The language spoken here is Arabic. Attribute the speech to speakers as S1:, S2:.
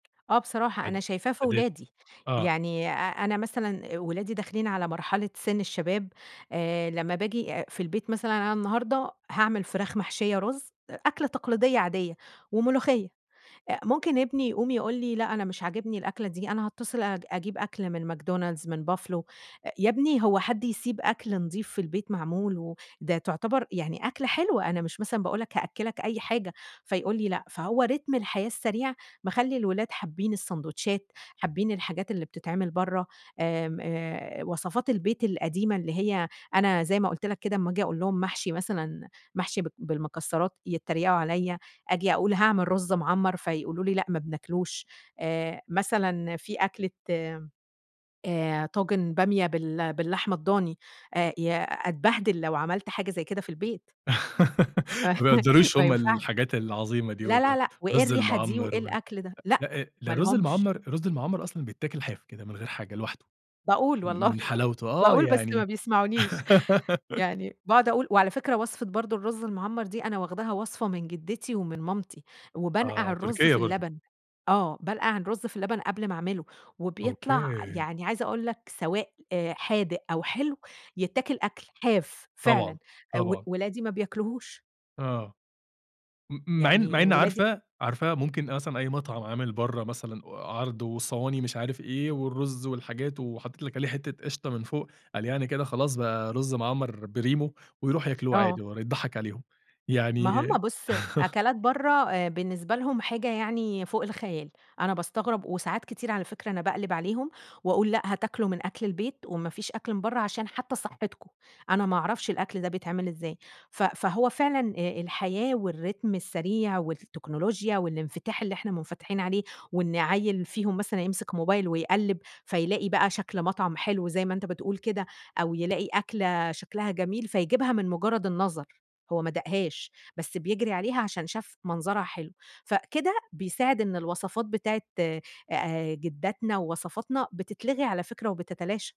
S1: آه بصراحة، أنا
S2: عاد
S1: شايفاه في
S2: عادية.
S1: ولادي.
S2: آه.
S1: يعني أ أنا مثلًا ولادي داخلين على مرحلة سِن الشباب، آآ لمّا باجي آآ في البيت مثلًا أنا النهاردة هاعمل فراخ محشية رز، أكلة تقليدية عادية وملوخية. أ ممكن ابني يقوم يقول لي: "لأ أنا مش عاجبني الأكلة دي، أنا هاتصل أج أجيب أكل من McDonald's، من buffalo." آآ يا ابني هو حد يسيب أكل نضيف في البيت معمول، وده تعتبر يعني أكلة حلوة، أنا مش مثلًا باقول لك هأكّلك أي حاجة فيقول لي: "لأ." فهو رتم الحياة السريع مخلّي الولاد حابين السندوتشات، حابين الحاجات اللي بتتعمل برا، آمم آآ وصفات البيت القديمة اللي هي، أنا زي ما قُلت لك كده، أما آجي أقول لهم محشي مثلًا، محشي ب بالمكسرات، يتريقوا عليَّا، أجي أقول: "هاعمل رز مَعمّر." فيقولوا لي: "لأ، ما بناكلوش." آآ مثلًا فيه أكلة، آآ طاجن بامية بال باللحمة الضاني، آآ يا أتبهدل لو عملَت حاجة زي كده في البيت.
S2: ما بيقدّروش
S1: ما
S2: هم
S1: ينفعش.
S2: الحاجات العظيمة دي
S1: لا لا
S2: والله
S1: لأ، وإيه
S2: الرز
S1: الريحة دي
S2: المَعمّر
S1: وإيه
S2: وال
S1: الأكل ده؟ لأ،
S2: لأ
S1: ما
S2: ده رز
S1: لهومش.
S2: المَعمّر، الرز المَعمّر أصلًا بيتاكل حاف كده، من غير حاجة لوحده،
S1: باقول
S2: م
S1: والله
S2: من حلاوته. آه
S1: باقول، بس ما
S2: يعني
S1: بيسمعونيش يعني باقعد أقول. وعلى فكرة وصفة برضه الرز المعمّر دي، أنا واخداها وصفة من جدتي ومن مامتي، وبانقَع
S2: آه،
S1: الرز في
S2: تركيا برضه.
S1: اللبن. آه، بانقَع الرز في اللبن قبل ما أعمله وبيطلَع،
S2: أوكي
S1: يعني عايزة أقول لك، سواء حادق أو حلو؛ يتّاكل أكل. حاف، فعلًا.
S2: طبعًا.
S1: و
S2: طبعًا.
S1: ولادي ما بياكلوهوش.
S2: آه. م مع إن مع
S1: يعني
S2: إن
S1: ولادي
S2: عارفة، عارفة؟ ممكن أصلًا أي مطعم عامل برا مثلًا و عرض وصواني مش عارف إيه والرز والحاجات وحطيت لِك عليه حتة قشطة من فوق، قال يعني كده خلاص بقى رز مَعمّر بريمو، ويرُوح ياكلوه
S1: آه.
S2: عادي والّا اضّحك عليهم.
S1: ما
S2: يعني
S1: هم بُص، أكلات برا آآ بالنسبة لهم حاجة يعني فوق الخيال. أنا باستغرب، وساعات كتير على فكرة أنا باقلب عليهم، وأقول: "لأ هتاكلوا من أكل البيت، ومافيش أكل من برا، عشان حتى صحتكم." أنا ما اعرفش الأكل ده بيتعمل إزاي. ف فهو فعلًا، آآ الحياة والرتم السريع والتكنولوجيا والإنفتاح اللي إحنا منفتحين عليه، وإن عيِل فيهم مثلًا يمسِك موبايل ويقلّب، فيلاقي بقى شكْل مطعم حلو زي ما أنت بتقول كده أو يلاقي أكلة شكْلها جميل، فيجيبها من مجرد النظر. هو ما داقهاش، بس بيجري عليها عشان شاف منظرها حلو. فكده، بيساعد إن الوصفات بتاعة آآ جداتنا ووصفاتنا، بتتلغي على فكرة وبتتلاشى.